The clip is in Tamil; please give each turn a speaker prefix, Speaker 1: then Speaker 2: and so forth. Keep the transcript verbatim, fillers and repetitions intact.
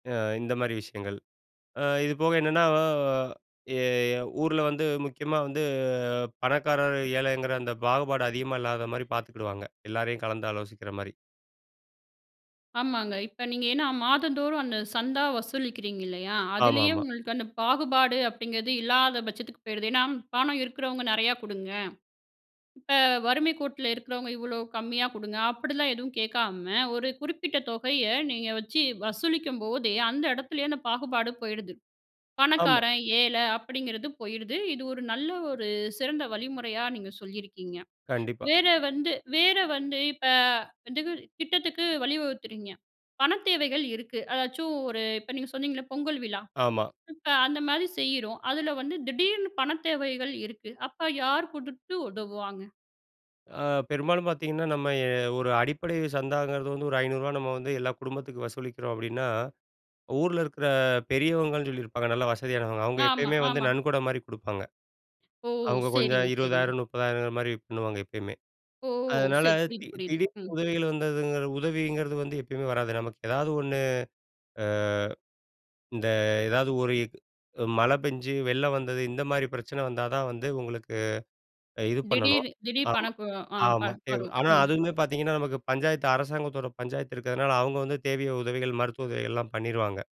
Speaker 1: அ இந்த மாரி விஷயங்கள். அ இதுபோக என்னன்னா அ எ ஊர்ல வந்து முக்கியமா வந்து பணக்காரர் ஏழைங்குற அந்த பாகுபாடு அதிகமா இல்லாத மாரி பாத்துக்கிடுவாங்க, எல்லாரையும் கலந்து ஆலோசிக்கிற மாரி.
Speaker 2: ஆமாங்க. இப்ப நீங்க ஏன்னா மாதந்தோறும் அந்த சந்தா வசூலிக்கிறீங்கல்லியா,
Speaker 1: ஆமா,
Speaker 2: அதுலேயே
Speaker 1: ஆமா.
Speaker 2: உங்களுக்கு அந்த பாகுபாடு அப்படிங்குறது இல்லாத பட்சத்துக்கு போயிருது ஏன்னா பணம் இருக்குறவங்க நெறையா குடுங்க. இப்ப வறுமைக் கோட்ல இருக்குறவங்க இவ்வளோ கம்மியா குடுங்க அப்படிலாம் எதுவும் கேக்காம ஒரு குறிப்பிட்ட தொகைய நீங்க வச்சு வசூலிக்கும்போதே அந்த இடத்துலேயே அந்த பாகுபாடு போயிடுது.
Speaker 1: ஆமா.
Speaker 2: பணக்காரன் ஏழை அப்படிங்குறது போயிருது. இது ஒரு நல்ல ஒரு சிறந்த வழிமுறையா நீங்க சொல்லியிருக்கீங்க.
Speaker 1: கண்டிப்பா.
Speaker 2: வேற வந்து வேற வந்து இப்ப வந்து திட்டத்துக்கு வழிவகுக்குறீங்க, பணத் தேவைகள் இருக்கு அதாச்சும் ஒரு இப்ப நீங்க சொன்னிங்கல்ள பொங்கல் விழா.
Speaker 1: ஆமா.
Speaker 2: இப்ப அந்த மாரி செய்றோம் அதுல வந்து திடீர்னு பணத் தேவைகள் இருக்கு அப்ப யாரு குடுத்து உதவுவாங்க?
Speaker 1: அ பெரும்பாலும் பாத்தீங்கன்னா நம்ம எ ஒரு அடிப்படை சந்தாங்குறது வந்து ஒரு ஐநூறு ரூவா நம்ம வந்து எல்லா குடும்பத்துக்கும் வசூலிக்கிறோம் அப்படின்னா, ஊர்ல இருக்குற பெரியவங்கன்னு சொல்லியிருப்பாங்க நல்ல வசதியானவங்க, அவங்க
Speaker 2: ஆமா,
Speaker 1: எப்பயுமே வந்து
Speaker 2: ஆமா.
Speaker 1: நன்கொட மாரி குடுப்பாங்க.
Speaker 2: ஓ!
Speaker 1: அவங்க கொஞ்சம்
Speaker 2: சரிங்க, சரிங்க.
Speaker 1: இருவதாயிரம் முப்பதாயிரம் மாரி பண்ணுவாங்க எப்பயுமே.
Speaker 2: ஓ!
Speaker 1: அதனால
Speaker 2: சரி. புரிது,
Speaker 1: தி
Speaker 2: புரிது.
Speaker 1: திடீர்னு
Speaker 2: ம்.
Speaker 1: உதவிகள் வந்ததுங்குற உதவிங்கிறது வந்து எப்பயுமே வராது நமக்கு ஏதாவது ஒண்ணு, அ இந்த எதாவது ஒரு இ அ மழை பெஞ்சு வெள்ளம் வந்தது இந்த மாரி பிரச்சனை வந்தாதான் வந்து உங்களுக்கு இது பண்ணணும்.
Speaker 2: திடீர், திடீர்
Speaker 1: ஆமா,
Speaker 2: பணக்கு அ வரும். ஆ
Speaker 1: ஆமா.
Speaker 2: பணம் வரும்.
Speaker 1: ஆனா
Speaker 2: ம்.
Speaker 1: அதுமே பாத்தீங்கன்னா நமக்கு பஞ்சாயத்து அரசாங்கத்தோட பஞ்சாயத்து இருக்கதுனால அவங்க வந்து தேவையோ உதவிகள் மருத்துவ உதவிகள் எல்லாம் பண்ணிருவாங்க.